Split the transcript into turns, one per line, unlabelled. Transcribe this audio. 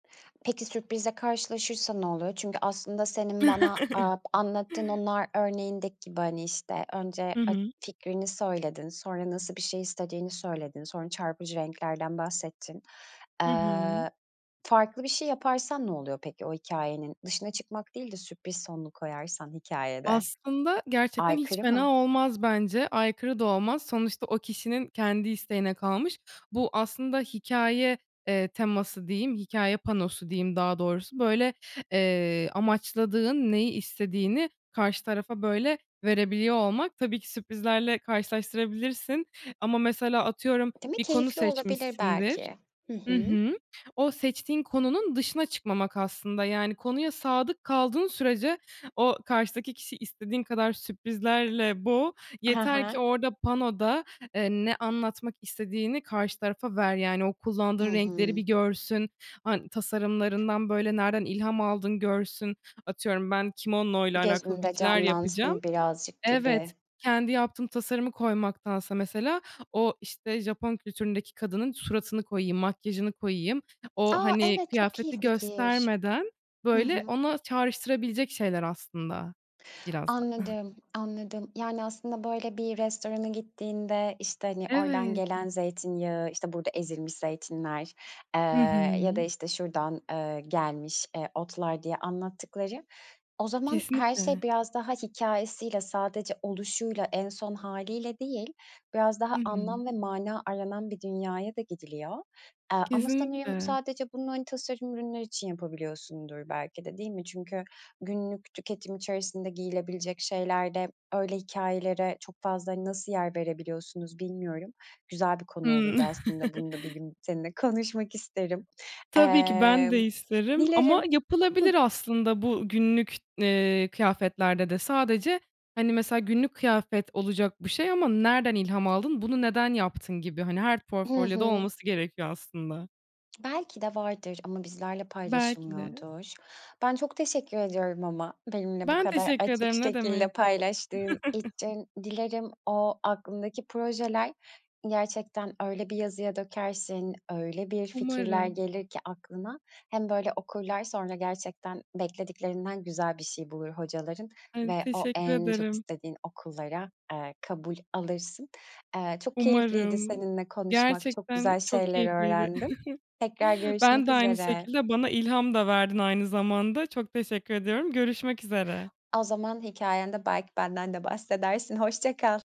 Peki, sürprizle karşılaşırsa ne oluyor? Çünkü aslında senin bana, eee, anlattığın o nar örneğindeki gibi, hani, işte, önce
Hı
ak
hı.
fikrini söyledin, sonra nasıl bir şey istediğini söyledin, sonra çarpıcı renklerden bahsettin.
Hı hı.
Iıı, farklı bir şey yaparsan ne oluyor peki? O hikâyenin dışına çıkmak değil de sürpriz sonlu koyarsan hikâyede.
Aslında gerçekten hiç
Aykırı
fena
mı?
olmaz bence, aykırı da olmaz. Sonuçta o kişinin kendi isteğine kalmış. Bu aslında hikâye, eee, teması diyeyim, hikâye panosu diyeyim daha doğrusu, böyle, eee, amaçladığın, neyi istediğini karşı tarafa, böyle, verebiliyor olmak. Tabii ki, sürprizlerle karşılaştırabilirsin. Ama, mesela, atıyorum,
Değil mi,
bir konu
keyifli olabilir
seçmişsindir.
belki. Hı
Hı
hı.
hı. O seçtiğin konunun dışına çıkmamak aslında, yani, konuya sadık kaldığın sürece o karşıdaki kişiyi istediğin kadar sürprizlerle boğ.
He
Yeter ki
he.
orada, panoda, eee, ne anlatmak istediğini karşı tarafa ver. Yani, o
Hı
kullandığın renkleri bir
hı.
görsün, han tasarımlarından, böyle, nereden ilham aldın görsün. Atıyorum, ben kimono ile alakalı bir
Gözünde
şeyler yapacağım.
canlansın birazcık gibi.
Evet, kendi yaptığım tasarımı koymaktansa, mesela, o işte Japon kültüründeki kadının suratını koyayım, makyajını koyayım. O,
A,
hani,
evet çok iyi
kıyafeti
fikir.
göstermeden,
Hı
böyle,
hı.
ona çağrıştırabilecek şeyler aslında, biraz da.
Anladım, anladım. Yani, aslında böyle bir restorana gittiğinde, işte, hani, oradan
Evet.
gelen zeytinyağı, işte, burada ezilmiş zeytinler, eee,
Hı
ya da
hı.
işte, şuradan, ııı, gelmiş, eee, otlar diye anlattıkları, o zaman her şey
Kesinlikle.
biraz daha hikâyesiyle, sadece oluşuyla, en son hâliyle değil, biraz
Hı
daha
hı.
anlam ve mana aranan bir dünyaya da gidiliyor. Aaa, ama sanırım
Kesinlikle.
sadece bunu, hani, tasarım ürünler için yapabiliyorsundur belki de, değil mi? Çünkü günlük tüketim içerisinde giyilebilecek şeylerde öyle hikâyelere çok fazla, hani, nasıl yer verebiliyorsunuz, bilmiyorum. Güzel bir konu
Hımm.
olurdu aslında. Bunu da bir gün seninle konuşmak isterim.
Tabii ki ben de
Emm,
isterim. Ama
dilerim. Hıh.
yapılabilir aslında bu günlük, eee, kıyafetlerde de sadece, hani, mesela günlük kıyafet olacak bir şey ama nereden ilham aldın, bunu neden yaptın gibi, hani, her
Hı
portfolyoda
hı.
olması gerekiyor aslında.
Belki de vardır ama bizlerle
Belki de.
paylaşılmıyordur. Ben çok teşekkür ediyorum ama benimle bu
Ben
kadar
teşekkür
açık
ederim ne
şekilde
demek.
paylaştığın için. Dilerim o aklındaki projeler gerçekten öyle bir yazıya dökersin, öyle bir fikirler
Umarım.
gelir ki aklına hem böyle okurlar, sonra gerçekten beklediklerinden güzel bir şey bulur hocaların
Han
ve o
teşekkür
en çok
ederim.
istediğin okullara, eee, kabul alırsın. Eee, çok keyifliydi
Umarım,
seninle konuşmak, çok
gerçekten
güzel
çok
şeyler
keyifliydi.
öğrendim. Tekrar
Ben
görüşmek
de aynı
üzere.
şekilde. Bana ilham da verdin, aynı zamanda. Çok teşekkür ediyorum. Görüşmek üzere.
O zaman hikâyende belki benden de bahsedersin. Hoşça kal.